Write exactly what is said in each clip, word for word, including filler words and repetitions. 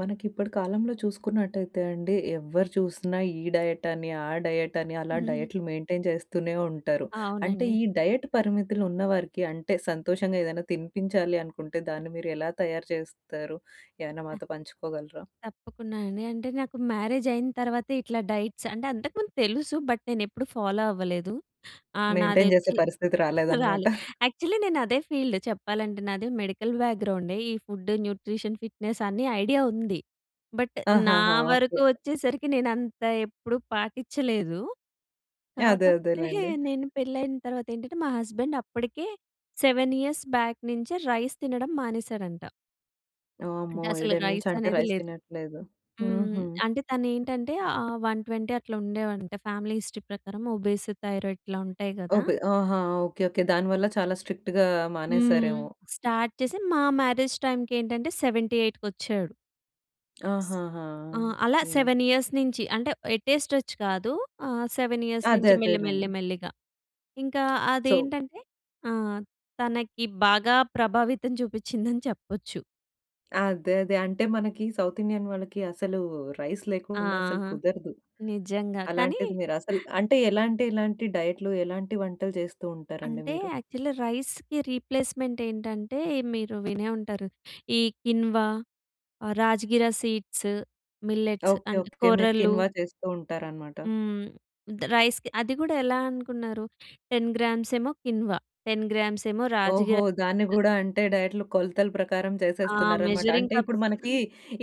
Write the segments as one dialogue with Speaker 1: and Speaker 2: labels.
Speaker 1: మనకి ఇప్పటి కాలంలో చూసుకున్నట్టయితే అండి. ఎవ్వరు చూసినా ఈ డైట్ అని, ఆ డైట్ అని, అలా డైట్‌లు మెయింటైన్ చేస్తూనే ఉంటారు. అంటే
Speaker 2: అవునండి.
Speaker 1: ఈ డైట్ పరిమితులు ఉన్న వారికి అంటే సంతోషంగా ఏదైనా తినిపించాలి అనుకుంటే, దాన్ని మీరు ఎలా తయారు చేస్తారు? ఏమైనా
Speaker 2: ఆ!
Speaker 1: మాతో పంచుకోగలరా?
Speaker 2: తప్పకుండా అండి. అంటే నాకు మ్యారేజ్ అయిన తర్వాతే ఇట్లా డైట్స్ అంటే అంతకుముందు తెలుసు బట్ నేను ఎప్పుడు ఫాలో అవ్వలేదు. ఆ!
Speaker 1: మెయింటైన్ చేసే
Speaker 2: నాదొచ్చి
Speaker 1: పరిస్థితి రాలేదు అనమాట.
Speaker 2: రాలే. యాక్చువలీ నేను అదే ఫీల్డ్ చెప్పాలంటే నాది మెడికల్ బ్యాక్‌గ్రౌండే. ఈ ఫుడ్, న్యూట్రిషన్, ఫిట్‌నెస్ అని ఐడియా ఉంది. బట్ నా
Speaker 1: ఆహాహా! ఓకే.
Speaker 2: వరకు వచ్చేసరికి నేను అంత ఎప్పుడు పాట్టిచలేదు.
Speaker 1: యాహ్! అదే అదే
Speaker 2: కాకపోతే
Speaker 1: లేండి.
Speaker 2: నేను పెళ్లి అయిన తర్వాత ఏంటంటే మా హస్బేండ్ అప్పటికే సెవెన్ ఇయర్స్ బ్యాక్ నించే రైస్ తినడం మానేసాడంట. అంటే
Speaker 1: వామ్మో!
Speaker 2: అసలు
Speaker 1: ఏడేళ్ల నుంచి
Speaker 2: రైస్
Speaker 1: అంటే
Speaker 2: అనేది
Speaker 1: రైస్
Speaker 2: లేదు.
Speaker 1: తినట్లేదు.
Speaker 2: హ్మ్,
Speaker 1: హుహు.
Speaker 2: అంటే తను ఏంటంటే ఆ వన్ ట్వెంటీ అట్లా ఉండేవంట. ఫ్యామిలీ హిస్టరీ ప్రకారం ఒబేసి, థైరాయిడ్ ఇట్లా ఉంటాయి గదా!
Speaker 1: ఓపె ఆహా! ఓకే, ఓకే దానివల్ల చాలా స్ట్రిక్ట్‌గా
Speaker 2: హ్మ్.
Speaker 1: మానేసారేమో.
Speaker 2: స్టార్ట్ చేసి మా మ్యారేజ్ టైమ్‌కి ఏంటంటే సెవెంటీ ఎయిట్ వచ్చాడు.
Speaker 1: ఆహాహా!
Speaker 2: ఆ! అలా
Speaker 1: ఓకే.
Speaker 2: సెవెన్ ఇయర్స్ నించి అంటే ఎట్ ఎ స్ట్రెచ్ కాదు. ఆ! సెవెన్ ఇయర్స్
Speaker 1: అదే
Speaker 2: నించి మెల్లి, మెల్లి,
Speaker 1: అదేలేండి.
Speaker 2: మెల్లిగా. ఇంకా
Speaker 1: సో
Speaker 2: అదేంటంటే ఆ! తనకి బాగా ప్రభావితం చూపిచ్చిందని చెప్పచ్చు.
Speaker 1: అదే అదే. అంటే మనకీ సౌత్ ఇండియన్ వాళ్ళకి అసలూ రైస్ లేకుండా అసలు
Speaker 2: ఆహా!
Speaker 1: కుదరదు.
Speaker 2: నిజంగా. కానీ
Speaker 1: అలాంటిది మీరు అసలు అంటే ఎలాంటి, ఎలాంటి డైట్‌లు ఎలాంటి వంటలు చేస్తూ ఉంటారండి
Speaker 2: అంటే
Speaker 1: మీరు?
Speaker 2: యాక్చలీ రైస్‌కి రీప్లేస్‌మెంట్ ఏంటంటే మీరు వినే ఉంటారు. ఈ కిన్వా, ఆహ్, రాజ్‌గిరా సీడ్స్, మిల్లెట్స్
Speaker 1: ఓకే.
Speaker 2: అన్
Speaker 1: ఓకే. మీరు
Speaker 2: కొర్రలూ.
Speaker 1: కిన్వా చేస్తూ ఉంటారనమాట.
Speaker 2: హ్మ్. ద్ రైస్‌కి అది గూడా ఎలా అనుకున్నారు టెన్ గ్రామ్స్ ఏమో కిన్వా, టెన్ గ్రామ్స్ ఏమో
Speaker 1: ఓహో!
Speaker 2: రాజ్‌గిరా
Speaker 1: దాన్ని
Speaker 2: రైస్.
Speaker 1: గూడా అంటే డైట్‌లు కొలతల ప్రకారం
Speaker 2: ఆ!
Speaker 1: చేసేస్తున్నారనమాట.
Speaker 2: మెజరింగ్
Speaker 1: అంటే ఇప్పుడు
Speaker 2: కప్స్
Speaker 1: మనకీ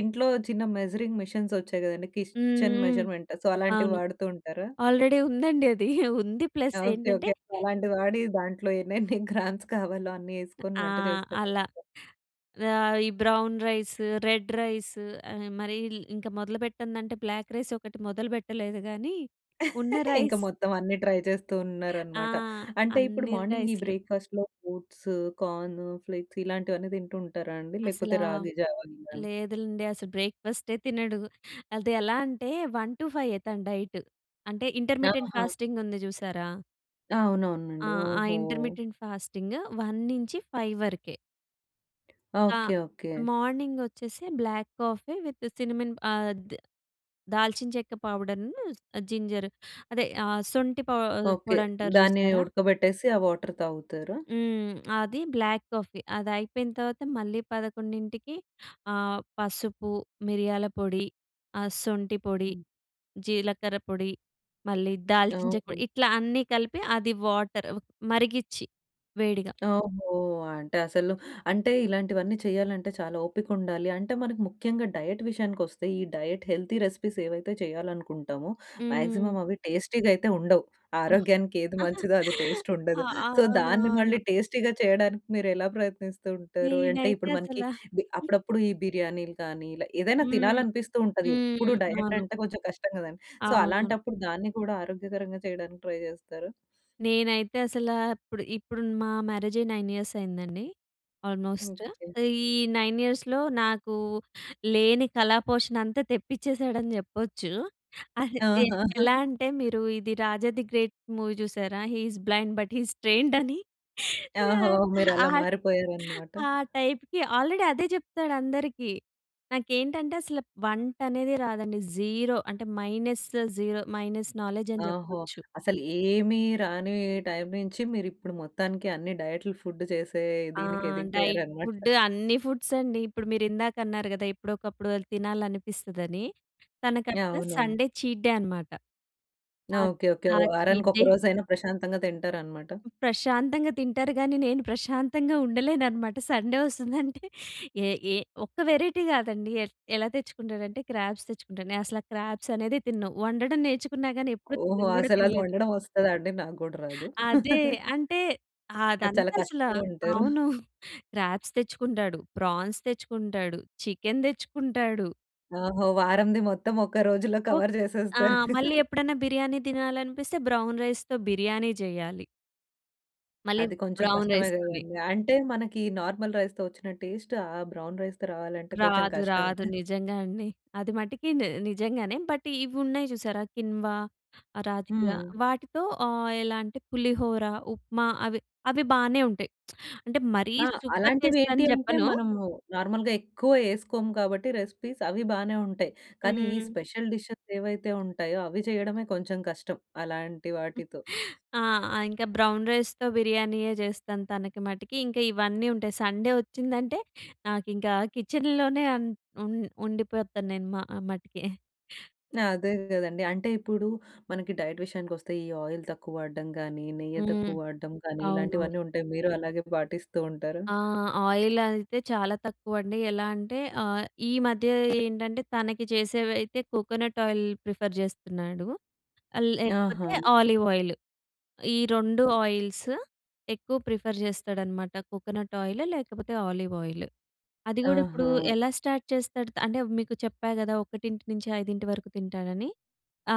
Speaker 1: ఇంట్లో చిన్న మెజరింగ్ మిషన్స్ వచ్చాయి కదండీ
Speaker 2: హ్మ్.
Speaker 1: కిస్‌చెన్
Speaker 2: హ్మ్.
Speaker 1: మెజర్‌మెంట్. సో, అలాంటివి
Speaker 2: అవును.
Speaker 1: వాడుతూ ఉంటారా?
Speaker 2: ఆల్రెడీ ఉందండి అదీ. ఉంది. Plus
Speaker 1: okay.
Speaker 2: ఏంటంటే
Speaker 1: ఓకే. అలాంటిది వాడీ దాంట్లో ఎన్నెన్ని గ్రామ్స్ కావాలో అన్ని
Speaker 2: అ
Speaker 1: ఏసుకొని
Speaker 2: ఆ!
Speaker 1: వంట చేస్తార
Speaker 2: అలా.
Speaker 1: [unintelligible]
Speaker 2: ఆహ్, ఈ బ్రౌన్ రైస్, రెడ్ రైస్ ఆహ్, మరీల్ ఇంక మొదలు పెట్టందంటే బ్లాక్ రైస్ ఒకటి మొదలు పెట్టలేదు గానీ ఉన్న
Speaker 1: ఇంక
Speaker 2: రైస్
Speaker 1: మొత్తం అన్ని ట్రై చేస్తూ
Speaker 2: ఆ!
Speaker 1: ఉన్నారనమాట. అంటే ఇప్పుడు
Speaker 2: అన్నీ
Speaker 1: మార్నింగ్ ఈ
Speaker 2: రైస్‌లు.
Speaker 1: బ్రేక్‌ఫాస్ట్‌లో ఫ్రూట్స్, కార్ను, ఫ్లేక్స్ ఇలాంటివన్నీ తింటూ ఉంటారా అండి? లేకపోతే
Speaker 2: అసలా
Speaker 1: రాగి జావా ఇలా!
Speaker 2: లేదులెండి. అసలు బ్రేక్‌ఫస్టే తినడు. అది ఎలా అంటే వన్ టు ఫైయ్యే తన డైట్. అంటే ఇంటర్‌మిటెంట్
Speaker 1: ఆహా!
Speaker 2: ఫాస్టింగ్ ఉంది చూశారా? ఆ!
Speaker 1: అవునవునండి.
Speaker 2: ఆ!
Speaker 1: ఓహో!
Speaker 2: Intermittent fasting. వన్ నుంచి ఫైవ్ వరకే. ఆ!
Speaker 1: Okay, okay.
Speaker 2: మార్నింగ్ వచ్చేసి బ్లాక్ కాఫీ విత్ సినమన్ ఆహ్, ద్ దాల్చిన చెక్క పౌడర్, జింజర్ అదే ఆహ్, సొంటి ప
Speaker 1: ఓకే.
Speaker 2: పొడి అంటారు
Speaker 1: దాన్ని
Speaker 2: చూసారా!
Speaker 1: ఉడకబెట్టేసి ఆ వాటర్ తాగుతారా?
Speaker 2: హ్మ్. అది బ్లాక్ కాఫీ అదయిపోయిన తర్వాత మళ్ళీ పదకొండింటికి ఆహ్, పసుపు మిరియాల పొడి, ఆహ్, సొంటి పొడి,
Speaker 1: హ్మ్.
Speaker 2: జీలకర్ర పొడి, మళ్ళీ దాల్చించిన చెక్క
Speaker 1: ఓహో!
Speaker 2: పొడి, ఇట్లా అన్నీ కలిపి అది వాటర్ మరిగిచ్చి వేడిగా
Speaker 1: ఓహో! అంటే అసలు అంటే ఇలాంటివన్నీ చేయాలంటే చాలా ఓపికుండాలి. అంటే మనకి ముఖ్యంగా డైట్ విషయానికి వస్తే ఈ డైట్ హెల్తీ రెసిపీస్ ఏవైతే చేయాలనుకుంటామో,
Speaker 2: హ్మ్.
Speaker 1: మాక్సిమం అవి టేస్టీ‌గా అయితే ఉండవు. ఆరోగ్యానికి ఏది మంచిదో అది టేస్ట్
Speaker 2: ఆ!
Speaker 1: ఉండదు. సో
Speaker 2: అవును.
Speaker 1: దాన్ని
Speaker 2: అవును.
Speaker 1: మళ్ళీ టేస్టీ‌గా చేయడానికి మీరెలా ప్రయత్నిస్తూ ఉంటారు? అంటే
Speaker 2: నేనైతే
Speaker 1: ఇప్పుడు మనకి
Speaker 2: అసలా
Speaker 1: బి అప్పుడప్పుడు ఈ బిర్యానీలు కానీ ఇలా ఏదైనా
Speaker 2: హ్మ్.
Speaker 1: తినాలి అనిపిస్తూ ఉంటది. ఎప్పుడు
Speaker 2: హ్మ్.
Speaker 1: డైట్
Speaker 2: అవును.
Speaker 1: అంటే కొంచెం కష్టం కదా! సో
Speaker 2: అవును.
Speaker 1: అలాంటప్పుడు దాన్ని కూడా ఆరోగ్యకరంగా చేయడానికి ట్రై చేస్తారా?
Speaker 2: నేనైతే అసల, ఇప్పుడు, ఇప్పుడు మా మ్యారేజ్ అయి నైన్ ఇయర్స్ అయిందండి ఆల్మోస్ట్.
Speaker 1: ఓకే.
Speaker 2: ఈ నైన్ ఇయర్స్‌లో నాకు లేని కళా పోషణ అంతా తెప్పించేసాడని చెప్పొచ్చు. అది ఎ
Speaker 1: ఆహా!
Speaker 2: ఎలా అంటే మీరు ఇది 'రాజా ది గ్రేట్ మూవీ' చూసారా? He is blind but he is trained అని.
Speaker 1: ఓహో! మీరు
Speaker 2: ఆ,
Speaker 1: అలా మారిపోయారన్నమాట.
Speaker 2: ఆ టైప్‌కి ఆల్రెడీ అదే చెప్తాడు అందరికి. నాకేంటంటే అసలు వంట అనేది రాదండి, జీరో అంటే మైనస్ జీరో మైనస్ నాలెడ్జ్ అని
Speaker 1: ఓహో!
Speaker 2: చెప్పొచ్చు.
Speaker 1: అసలు ఏమి రాని టైమ్ నుంచి మీరు ఇప్పుడు మొత్తానికి అన్ని డైట్‌లు ఫుడ్ చేసే
Speaker 2: ఆ!
Speaker 1: దీనికి
Speaker 2: డైట్
Speaker 1: ఎదిగిపోయారన్నమాట.
Speaker 2: ఫుడ్ అన్నీ ఫుడ్స్ అండి. ఇప్పుడు మీరిందాక అన్నారు కదా! ఎప్పుడో ఒకప్పుడు తినాలని అనిపిస్తదని,
Speaker 1: యాహ్!
Speaker 2: తనకట్లా
Speaker 1: అవునవును.
Speaker 2: సండే చీట్ డే అనమాట. ఆ!
Speaker 1: Okay okay.
Speaker 2: ఆ!
Speaker 1: వారానికి
Speaker 2: చీట్ డే.
Speaker 1: ఒకరోజు అయిన ప్రశాంతంగా తింటారన్నమాట.
Speaker 2: ప్రశాంతంగా తింటారు గాని నేను ప్రశాంతంగా ఉండలేనన్నమాట. సండే వస్తుందంటే ఏ ఏ ఒక్క వేరైటీ కాదండి ఎ ఎలా తెచ్చుకుంటాడంటే క్రాబ్స్ తెచ్చుకుంటాడు. నేనసలా క్రాబ్స్ అనేదే తినను. వండడం నేర్చుకున్నా గాని ఎప్పుడు
Speaker 1: ఓహో!
Speaker 2: తినను కూడా
Speaker 1: అసలు అది
Speaker 2: తినలేదు.
Speaker 1: వండడం వస్తదా అండి? నాకు కూడా రాదు.
Speaker 2: అదే అంటే
Speaker 1: అది చాలా
Speaker 2: అదంతా అసల
Speaker 1: కష్టం అంటారు.
Speaker 2: అవును. క్రాబ్స్ తెచ్చుకుంటాడు, ప్రాన్స్ తెచ్చుకుంటాడు, చికెన్ తెచ్చుకుంటాడు
Speaker 1: ఓహో! వారంది మొత్తం ఒక్క రోజులో కవర్
Speaker 2: ఆ!
Speaker 1: చేసేస్తారు.
Speaker 2: మళ్ళీ ఎప్పుడన్నా బిర్యానీ తినాలనిపిస్తే బ్రౌన్ రైస్‌తో బిర్యానీ చెయ్యాలి. మళ్ళి
Speaker 1: అది కొంచెం
Speaker 2: బ్రౌన్
Speaker 1: కష్టమే
Speaker 2: రైస్‌ తోని.
Speaker 1: కదండీ! అంటే మనకి నార్మల్ రైస్‌తో వచ్చిన టేస్ట్ ఆ బ్రౌన్ రైస్‌తో రావాలంటే కొంచెం
Speaker 2: రాదు,
Speaker 1: కష్టం.
Speaker 2: రాదు. నిజంగా అండి. అది మటికి ని నిజంగానే. బట్ ఇవి ఉన్నాయి చూసారా కిన్వా, రాధిగా
Speaker 1: హ్మ్.
Speaker 2: వాటితో ఆహ్, ఎలా అంటే పులిహోర, ఉప్మా అవి, అవి బానే ఉంటాయి. అంటే మరీ
Speaker 1: ఆ!
Speaker 2: సూపర్
Speaker 1: అలాంటివి
Speaker 2: టేస్ట్
Speaker 1: ఏంటి
Speaker 2: అని
Speaker 1: అంటే,
Speaker 2: చెప్పను.
Speaker 1: మనము నార్మల్‌గా ఎక్కువ వేసుకోము కాబట్టి రెసిపీస్ అవి బానే ఉంటాయి. కానీ ఈ
Speaker 2: హ్మ్.
Speaker 1: స్పెషల్ డిషెస్ ఏవైతే ఉంటాయో అవి చేయడమే కొంచెం కష్టం అలాంటి వాటితో.
Speaker 2: ఆ! ఇంకా బ్రౌన్ రైస్‌తో బిర్యానీయే చేస్తాను తనకి మటికి. ఇంకా ఇవన్నీ ఉంటాయి. సండే వచ్చిందంటే నాకింక కిచెన్‌లోనే అన్ ఉం ఉండిపోతాను నేను మా మటికి.
Speaker 1: ఆ! అదే కదండీ! అంటే ఇప్పుడు మనకి డైట్ విషయానికి వస్తే ఈ ఆయిల్ తక్కువ వాడడం కానీ, నెయ్యి
Speaker 2: హ్మ్.
Speaker 1: తక్కువ వాడడం కానీ,
Speaker 2: అవునవును.
Speaker 1: ఇలాంటివన్నీ ఉంటాయి మీరు అలాగే పాటిస్తూ ఉంటారా?
Speaker 2: ఆ! ఆయిల్ అయితే చాలా తక్కువండి. ఎలా అంటే ఆహ్, ఈ మధ్య ఏంటంటే తనకి చేసేవైతే కోకోనట్ ఆయిల్ ప్రిఫర్ చేస్తున్నాడు. ఆహ్, లేకపోతే
Speaker 1: ఆహా!
Speaker 2: Olive oil. ఈ రెండు ఆయిల్స్ ఎక్కువ ప్రిఫర్ చేస్తాడనమాట కోకోనట్ ఆయిల్ లేకపోతే ఆలివ్ ఆయిల్. అది కూడా ఇప్పుడు
Speaker 1: ఆహా!
Speaker 2: ఎలా స్టార్ట్ చేస్తాడు అంటే మీకు చెప్పా కదా ఒకటింటి నుంచి ఐదింటి వరకు తింటాడని.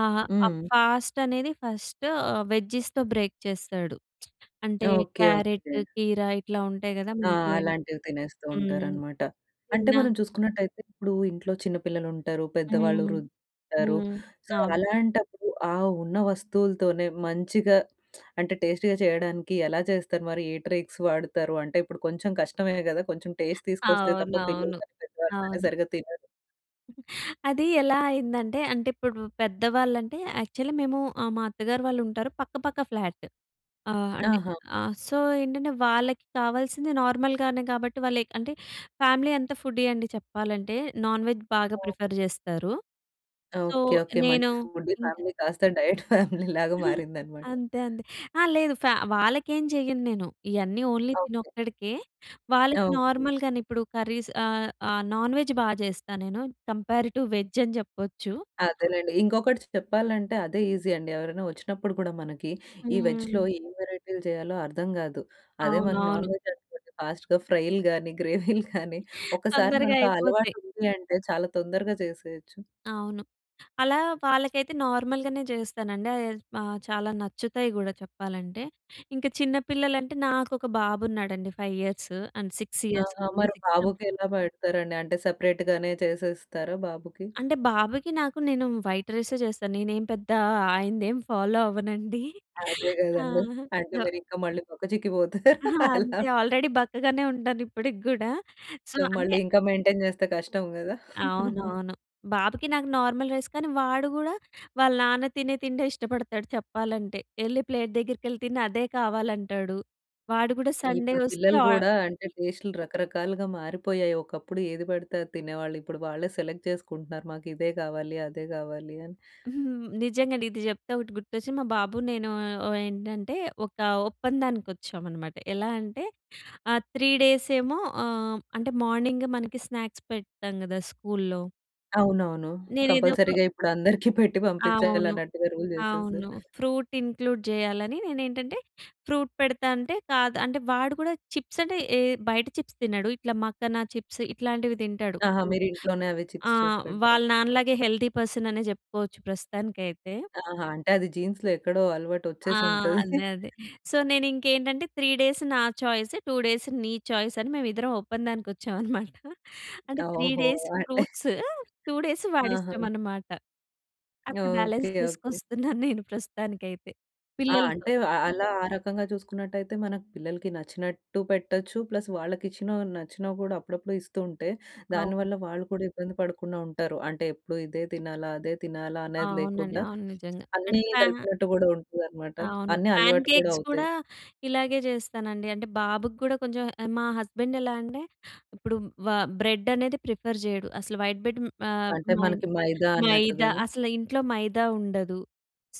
Speaker 2: ఆహా! ఆ
Speaker 1: హ్మ్.
Speaker 2: ఫాస్ట్ అనేది ఫస్ట్ వెజ్జిస్‌‌తో బ్రేక్ చేస్తాడు. అంటే
Speaker 1: ఓకె,
Speaker 2: క్యారట్,
Speaker 1: ఓకె.
Speaker 2: కీర ఇట్లా ఉంటాయి కదా!
Speaker 1: ఆ!
Speaker 2: [unintelligible]
Speaker 1: అలాంటివి తినేస్తూ
Speaker 2: హ్మ్,
Speaker 1: ఉంటారనమాట. అంటే
Speaker 2: తిన్నా
Speaker 1: మనం చూసుకున్నట్టయితే ఇప్పుడు ఇంట్లో చిన్న పిల్లలు ఉంటారు, పెద్దవాళ్ళు,
Speaker 2: హ్మ్.
Speaker 1: వృద్ధులు ఉంటారు.
Speaker 2: హ్మ్.
Speaker 1: సో,
Speaker 2: అవును.
Speaker 1: అలాంటప్పుడు ఆ ఉన్న వస్తువులతోనే మంచిగా అంటే టేస్టీగా చేయడానికి ఎలా చేస్తారు మరి? ఏ ట్రైక్స్ వాడతారు? అంటే ఇప్పుడు కొంచెం కష్టమే కద! కొంచెం టేస్ట్ తీసుకొస్తే తప్ప పిల్లలు
Speaker 2: అవునవును.
Speaker 1: గానీ పెద్దవాళ్ళు గానీ
Speaker 2: అవును.
Speaker 1: సరిగ్గా తినరు.
Speaker 2: అది ఎలా అయిందంటే, అంటే ఇప్పుడు పెద్దవాళ్ళంటే యాక్చువల్లీ మేము మా అత్తగారు వాళ్ళు ఉంటారు, పక్క పక్క ఫ్లాట్. ఆహ్, అంటే
Speaker 1: ఆహా!
Speaker 2: ఆహ్, సో ఏంటంటే వాళ్ళకి కావాల్సింది నార్మల్‌గానే కాబట్టి వాళ్ళు అంటే ఫ్యామిలీ అంత ఫుడ్డీ అండి చెప్పాలంటే, నాన్ వెజ్ బాగా
Speaker 1: హ్మ్.
Speaker 2: ప్రిఫర్ చేస్తారు. So
Speaker 1: okay, okay.
Speaker 2: నేను
Speaker 1: మంచి ఫుడ్ ఫ్యామిలీ కాస్త డైట్ ఫ్యామిలీ లాగా మారిందనమాట.
Speaker 2: అంతే అండి. ఆ! లేదు ఫ్యా వాళ్ళకెం చెయ్యను నేను. ఇయన్నీ ఓన్లీ
Speaker 1: ఓకె.
Speaker 2: తినొక్కడికే. వాళ్ళకి
Speaker 1: ఓకె.
Speaker 2: నార్మల్‌గానే, ఇప్పుడు కర్రీస్ ఆహ్, ఆ! నాన్ వేజ్ బాగా చేస్తా నేను, కంపారెడ్ టు వెజ్ అని చెప్పచ్చు.
Speaker 1: అదేనండి. ఇంకొకటి చెప్పాలంటే అదే ఈజీ అండి. ఎవరైనా వచ్చినప్పుడు కూడా మనకి ఈ వెజ్‌లో
Speaker 2: హ్మ్.
Speaker 1: ఏం వెరైటీలు చేయాలో అర్థం కాదు. అదే మన నాన్
Speaker 2: అవునవును.
Speaker 1: వెజ్ అనుకోండి ఫాస్ట్‌గా ఫ్రైలు గానీ, గ్రేవీలు గానీ. ఒకసారి
Speaker 2: తొందరగా
Speaker 1: మనకు
Speaker 2: అయిపోతాయి.
Speaker 1: అలవాటు ఉంది అంటే చాలా తొందరగా చేసేయొచ్చు.
Speaker 2: అవును. అలా వాళ్ళకైతే నార్మల్‌గనే చేస్తానండి. అద్ ఆ! చాలా నచ్చుతాయి కూడా చెప్పాలంటే. ఇంకా చిన్న పిల్లలంటే నాకొక బాబు ఉన్నాడండి. Five years and six years.
Speaker 1: ఆహా! మరి బాబుకి ఎలా పెడతారండి? అంటే సెపరేట్‌ గానే చేసేస్తారా బాబుకి?
Speaker 2: అంటే బాబుకి నాకు నేను వైట్ రైసే చేస్తాను. నేనేమి పెద్ద ఆయనదేం ఫాలో అవ్వనండి.
Speaker 1: అదే కదండీ. అంటే మీరు ఇంకా మళ్ళీ బక్క చిక్కిపోతారు,
Speaker 2: ఆ!
Speaker 1: అలా.
Speaker 2: అంతే ఆల్రెడీ బక్కగానే ఉంటాను ఇప్పటికి కూడా. సో
Speaker 1: సో
Speaker 2: అంటే
Speaker 1: మళ్ళి ఇంకా మెయింటైన్ చేస్తే కష్టం కదా.
Speaker 2: అవునవును. బాబుకి నాకు నార్మల్ రైస్ కానీ వాడు కూడా వాళ్ళ నాన్న తినే తిండే ఇష్టపడతాడు చెప్పాలంటే. ఎళ్ళి ప్లేట్ దగ్గరికి వెళ్ళి తిని అదే కావాలంటాడు. వాడు కూడా సండే
Speaker 1: ఇప్పుడు
Speaker 2: వస్తే
Speaker 1: పిల్లలు
Speaker 2: ఓ
Speaker 1: కూడా అంటే టేస్ట్‌లు రకరకాలుగా మారిపోయాయి. ఒకప్పుడు ఏది పడితే అది తినేవాళ్ళు. ఇప్పుడు వాళ్ళే సెలెక్ట్ చేసుకుంటున్నారు. మాకిదే కావాలి, అదే కావాలి అని.
Speaker 2: హ్మ్. నిజంగా. ఇది చెప్తే ఒకటి గుర్తొచ్చింది. మా బాబు నేను ఓ ఏంటంటే ఒక ఒప్పందానికి వచ్చామనమాట. ఎలా అంటే ఆహ్, త్రీ డేస్ ఏమో ఆహ్, అంటే మార్నింగ్ మనకి స్నాక్స్ పెడతాం కదా స్కూల్‌లో.
Speaker 1: అవునవును.
Speaker 2: నేనేదో ఒక
Speaker 1: కంపల్సరీగా ఇప్పుడు అందరికి పెట్టి పంపించాలి
Speaker 2: అవును.
Speaker 1: అన్నట్టుగా రూల్
Speaker 2: అవును.
Speaker 1: చేసేసారు.
Speaker 2: ఫ్రూట్ ఇంక్లూడ్ చేయాలని నేను ఏంటంటే, ఫ్రూట్ పెడతా అంటే కాదు అంటే వాడు కూడా చిప్స్ అంటే ఏ బయట చిప్స్ తినడు. ఇట్లా మక్కన చిప్స్ ఇట్లాంటివి తింటాడు.
Speaker 1: ఆహా! మీరు ఇంట్లోనే అవి
Speaker 2: ఆ!
Speaker 1: చిప్స్ చేసి
Speaker 2: వాళ్ళ
Speaker 1: పెడతారు.
Speaker 2: నాన్న
Speaker 1: అంటే
Speaker 2: లాగే హెల్తీ పర్సన్ అనే చెప్పుకోవచ్చు ప్రస్తుతానికైతే.
Speaker 1: ఆహా! అంటే అది జీన్స్‌లో ఎక్కడో అలవాటు
Speaker 2: ఆ!
Speaker 1: వచ్చేసి ఉంటది.
Speaker 2: అదే. అదే. సో నేను ఇంకేంటంటే త్రీ డేస్ నా చాయిస్, టూ డేస్ నీ చాయిస్ అని మేమిద్దరం ఒప్పందానికి వచ్చాం అన్నమాట. అంటే త్రీ
Speaker 1: ఓహో!
Speaker 2: డేస్
Speaker 1: అంటే
Speaker 2: ఫ్రూట్స్, టూ డేస్ వాడి
Speaker 1: ఆహా!
Speaker 2: ఇష్టం అన్నమాట. అట్లా
Speaker 1: ఓకే.
Speaker 2: Balance
Speaker 1: okay.
Speaker 2: చేసుకొస్తున్నాను నేను ప్రస్తుతానికి అయితే.
Speaker 1: ఆ!
Speaker 2: పిల్లలతో
Speaker 1: అంటే‌ అ అలా ఆ రకంగా చూసుకున్నట్టయితే మన‌కు పిల్లలకి నచ్చినట్టు పెట్టొచ్చు, ప్లస్ వాళ్ళకి ఇచ్చిన‌వి నచ్చినవి కూడా అప్పుడప్పుడు ఇస్తూ ఉంటే,
Speaker 2: అవును.
Speaker 1: దానివల్ల వాళ్ళు కూడా ఇబ్బంది పడకుండా ఉంటారు. అంటే ఎప్పుడు ఇదే తినాలా? అదే తినాలా? అనేది
Speaker 2: అవునండి.
Speaker 1: లేకుండా,
Speaker 2: అవును. నిజంగా అంటే
Speaker 1: అన్నీ
Speaker 2: ప్యా
Speaker 1: కలిపినట్టు కూడా ఉంటుందనమాట.
Speaker 2: అవును.
Speaker 1: అన్నీ
Speaker 2: ప్యాన్
Speaker 1: అలవాటు కూడా
Speaker 2: కేక్స్ కూడా
Speaker 1: అవుతాయి.
Speaker 2: ఇలాగే చేస్తానండి. అంటే బాబుకి కూడా కొంచెం ఆహ్, మా హస్బెండ్ ఎలా అంటే, ఇప్పుడు వ బ్రెడ్ అనేది ప్రిఫర్ చేయడు. అసలు వైట్ ‌బ్రెడ్ ఆహ్,
Speaker 1: అంటే
Speaker 2: మై‌న్
Speaker 1: మనకి మైదా
Speaker 2: మైదా
Speaker 1: అన్నట్టుగాను.
Speaker 2: అసలు ఇంట్లో మైదా ఉండదు.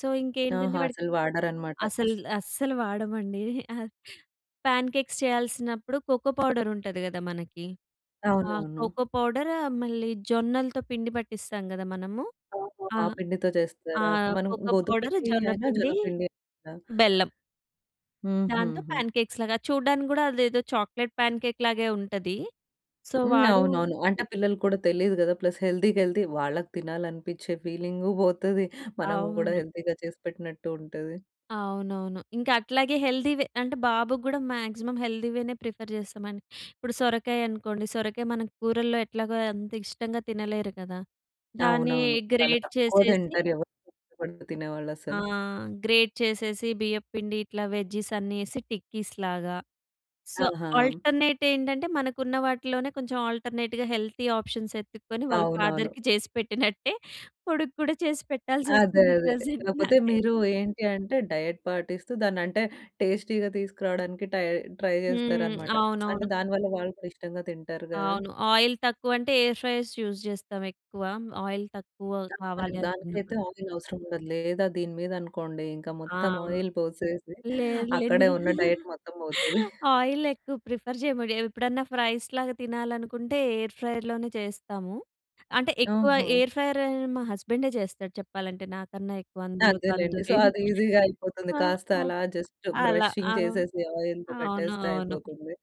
Speaker 2: సో ఇంకేంటంటే
Speaker 1: ఆహా!
Speaker 2: వాడికి
Speaker 1: అసలు వాడరనమాట.
Speaker 2: అసలు‌ అస్సలు వాడమండి. ప్యాన్ కేక్స్ చేయాల్సినప్పుడు కోకో పౌడర్ ఉంటది కదా! మనకి. ఆ
Speaker 1: అవునవును.
Speaker 2: కోకో పౌడరు, మళ్ళీ జొన్నలతో పిండి పట్టిస్తాం కదా! మనము.
Speaker 1: ఓహో!
Speaker 2: ఆ!
Speaker 1: ఆ పిండితో
Speaker 2: ఆ
Speaker 1: చేస్తారా? మనం
Speaker 2: కోకో
Speaker 1: గోధుమ
Speaker 2: పౌడర్,
Speaker 1: పిండి అయినా
Speaker 2: జొన్నపిండి,
Speaker 1: జొన్నపిండి అయినా.
Speaker 2: బెల్లం. దాంతో
Speaker 1: హుహు‌హు.
Speaker 2: ప్యాన్ కేక్స్‌ లాగా చూడ్డానికి కూడా అదేదో చాక్లేట్ ప్యాన్‌ కేక్ లాగే ఉంటది. సో
Speaker 1: హ్మ్.
Speaker 2: వాడు
Speaker 1: అవునవును. అంటే
Speaker 2: ఈ
Speaker 1: పిల్లలకి కూడా తెలియదు కదా! ప్లస్ హెల్తీ‌కి హెల్తీ. వాళ్ళకి తినాలని అనిపించే ఫీలింగు పోతది, మనం కూడా
Speaker 2: అవును.
Speaker 1: హెల్తీగా చేసిపెట్టినట్టు ఉంటది.
Speaker 2: అవునవును. ఇంకా అట్లాగే హెల్తీవె అంటే, బాబుకి గూడా మాక్సిమం హెల్తీ వేనే ప్రిఫర్ చేస్తామండి. ఇప్పుడు సొరకాయ అనుకోండి. సొరకాయ మన కూరల్లో ఎట్లాగో అంత ఇష్టంగా తినలేరు కదా, దాన్ని
Speaker 1: అవునవును. చాలా
Speaker 2: గ్రేట్
Speaker 1: తక్కువ
Speaker 2: చేసేసి.
Speaker 1: తింటారు. ఎవరు ఇష్టపడి తినేవాళ్ళు
Speaker 2: ఆ!
Speaker 1: అసలు.
Speaker 2: గ్రేట్ చేసేసి బియ్యం పిండి ఇట్లా వెజీస్ అన్నీ ఎసి, టిక్కీస్‌ లాగా. సో,
Speaker 1: ఆహా!
Speaker 2: ఆల్టర్నేట్ ఏంటంటే మనకు ఉన్న వాటిలోనే కొంచెం ఆల్టర్నేట్‌గా హెల్తీ ఆప్షన్స్ ఎత్తుక్కొని, వాళ్ళ
Speaker 1: అవునవును.
Speaker 2: ఫాదర్‌కీ చేసి పెట్టినట్టే, కొడుకు కూడా చేసి
Speaker 1: అదే,
Speaker 2: పెట్టాల్సొస్తుంది
Speaker 1: అదే.
Speaker 2: ప్రెజెంట్
Speaker 1: లేపోతే మీరు
Speaker 2: నాకైతే.
Speaker 1: ఏంటి అంటే, డైట్ పాటిస్తూ దాన్ని అంటే టేస్టీ‌గా తీసుకురావడానికి టై, ట్రై
Speaker 2: హ్మ్.
Speaker 1: చేస్తారన్నమాట. అంటే
Speaker 2: అవునవును.
Speaker 1: దాని వల్ల వాళ్ళు కూడా ఇష్టంగా తింటారు గదా.
Speaker 2: అవును. ఆయిల్ తక్కువ అంటే, ఎయిర్ ఫ్రైయర్స్ యూజ్ చేస్తాం ఎక్కువ. ఆయిల్ తక్కువ
Speaker 1: [unintelligible] మరి
Speaker 2: కావాలి
Speaker 1: దానికైతే
Speaker 2: అనుకున్నప్పుడు.
Speaker 1: ఆయిల్ అవసరం ఉండదు. లేదా దీని మీద అనుకోండి. ఇంక
Speaker 2: ఆ!
Speaker 1: మొత్తం ఆయిల్ పోసేసి,
Speaker 2: లేదులేదు.
Speaker 1: అక్కడే ఉన్న డైట్ మొత్తం పోతది.
Speaker 2: ఆయిల్ ఎక్కువ ప్రిఫర్ చేయమండి. ఎప్పుడన్నా ఫ్రైస్‌ లాగా తినాలనుకుంటే, ఎయిర్ ఫ్రైయర్‌ లోనె చేస్తాము. అంటే, ఎక్కువ
Speaker 1: ఓహో!
Speaker 2: ఎయిర్ ఫ్రైయర్ మా హస్బెండే చేస్తాడు. చెప్పాలంటే, నాకన్నా ఎక్కువ అందులో
Speaker 1: అదేలెండి. సో,
Speaker 2: తందూరి
Speaker 1: అది ఈజీగా అయిపోతుంది.
Speaker 2: ఆ!
Speaker 1: కాస్త
Speaker 2: ఆ!
Speaker 1: అలా జస్ట్
Speaker 2: అలా
Speaker 1: బ్రషింగ్
Speaker 2: ఆ!
Speaker 1: చేసేసి ఆయిల్‌లో
Speaker 2: అవును,
Speaker 1: పెట్టేస్తే
Speaker 2: అవును.
Speaker 1: అయిపోతుంది.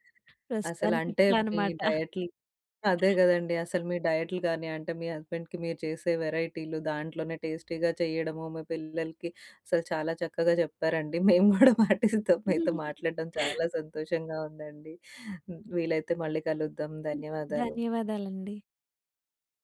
Speaker 1: అసలు
Speaker 2: ప్రస్తుతానికి
Speaker 1: అంటే,
Speaker 2: ఇట్లా
Speaker 1: మీ
Speaker 2: అనమాట.
Speaker 1: డైట్‌లు అదే కదండీ. అసలు మీ డైట్‌లు కాని అంటే, మీ హస్బెండ్‌కీ మీరు చేసే వెరైటీలు, దాంట్లోనే టేస్టీగా చేయడము. మీ పిల్లలకి అసలు చాలా చక్కగా చెప్పారండి. మేము గూడా పాటిస్తాం. మీతో మాట్లాడడం చాలా సంతోషంగా ఉందండి. వీలైతే మళ్ళీ కలుద్దాం. ధన్యవాదాలు.
Speaker 2: ధన్యవాదాలండి.